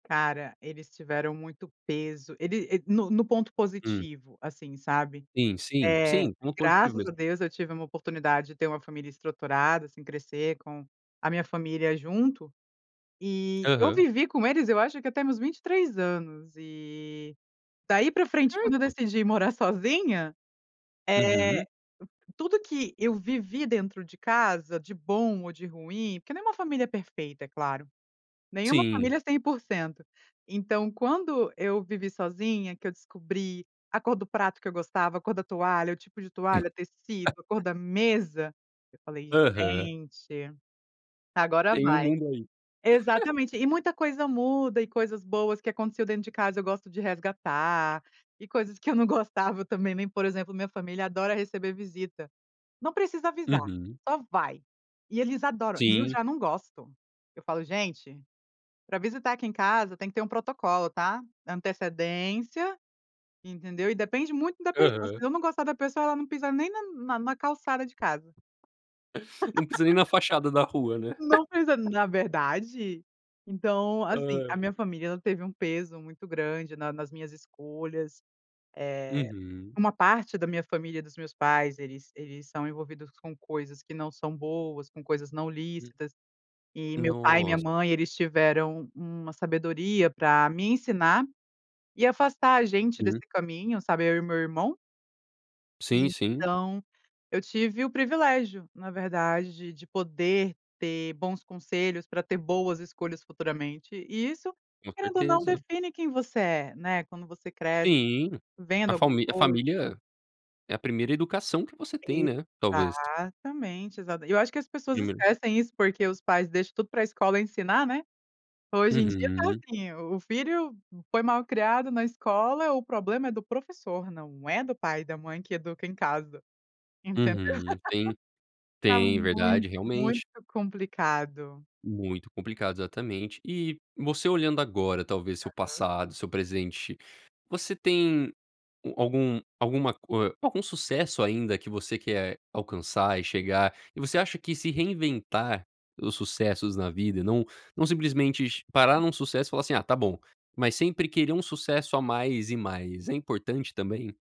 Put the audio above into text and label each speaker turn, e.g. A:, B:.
A: Cara, eles tiveram muito peso, ele e no no ponto
B: Hum.
A: positivo, assim, sabe.
B: Sim, sim,
A: Eh,
B: sim. Muito positivo
A: graças
B: isso.
A: a Deus, eu tive uma oportunidade de ter uma família estruturada, assim, crescer com a minha família junto. E eu
B: Aham.
A: vivi com eles, eu acho que até meus 23 anos, e, daí, para frente
B: É,
A: quando eu
B: então.
A: decidi ir morar sozinha, eh,
B: Uhum.
A: tudo que eu vivi dentro de casa, de bom ou de ruim, porque não é uma família perfeita, é claro. Nenhuma
B: Sim.
A: família é 100%. Então, quando eu vivi sozinha, que eu descobri a cor do prato que eu gostava, a cor da toalha, o tipo de toalha, tecido, a cor da mesa, eu falei:
B: Aham.
A: "Gente, agora
B: Tem um
A: vai."
B: mundo aí.
A: Exatamente, e muita coisa muda e coisas boas que aconteceu dentro de casa, gosto de resgatar, e coisas que eu não gostava, eu também nem por exemplo, minha família adora receber visita. Não precisa avisar,
B: Uhum.
A: só vai, e eles adoram. E eu
B: Sim.
A: já não gosto. Eu falo: "Gente, para visitar aqui em casa tem que ter um protocolo, tá, antecedência, entendeu." E depende muito da pessoa, se
B: Aham.
A: eu não gostar da pessoa, ela não pisa nem na na na calçada de casa.
B: Não pisa nem na fachada da rua, né.
A: Não pisa na verdade. Então, assim, a
B: Ai.
A: minha família ela teve um peso muito grande na nas minhas escolhas.
B: Uhum.
A: Eh, uma parte da minha família dos meus pais, eles eles são envolvidos com coisas que não são boas, com coisas não
B: Hum.
A: lícitas, e meu pai e minha
B: Nossa.
A: mãe eles tiveram uma sabedoria para me ensinar, e afastar a gente desse
B: Hum.
A: caminho, sabe eu e meu irmão.
B: Sim, sim.
A: Então, eu tive o privilégio, na verdade, de poder ter bons conselhos para ter boas escolhas futuramente, e isso,
B: Com
A: querendo ou não
B: certeza.
A: define quem você é, né, quando você cresce,
B: Sim. A
A: vendo alguma
B: falmi a
A: coisa
B: família é a 1º educação que você tem, né, talvez.
A: Exatamente, exato. E eu acho que as pessoas
B: Número.
A: esquecem isso, porque os pais deixam tudo para escola ensinar, né. Hoje em dia está
B: Uhum.
A: assim, o filho foi mal criado na escola, o problema é do professor, não é do pai e da mãe que educa em casa, entendeu.
B: Uhum. Tem
A: Tá
B: tem,
A: muito,
B: verdade,
A: muito
B: realmente.
A: complicado.
B: Muito complicado, exatamente E. você olhando agora, talvez, seu
A: Aham.
B: passado seu presente você tem al algum alguma co hã, algum sucesso ainda que você quer alcançar e chegar? E você acha que se reinventar os sucessos na vida, não não simplesmente parar em um sucesso e falar, assim: "Ah, tá bom." Mas, sempre querer um sucesso a mais, e mais, é importante, também?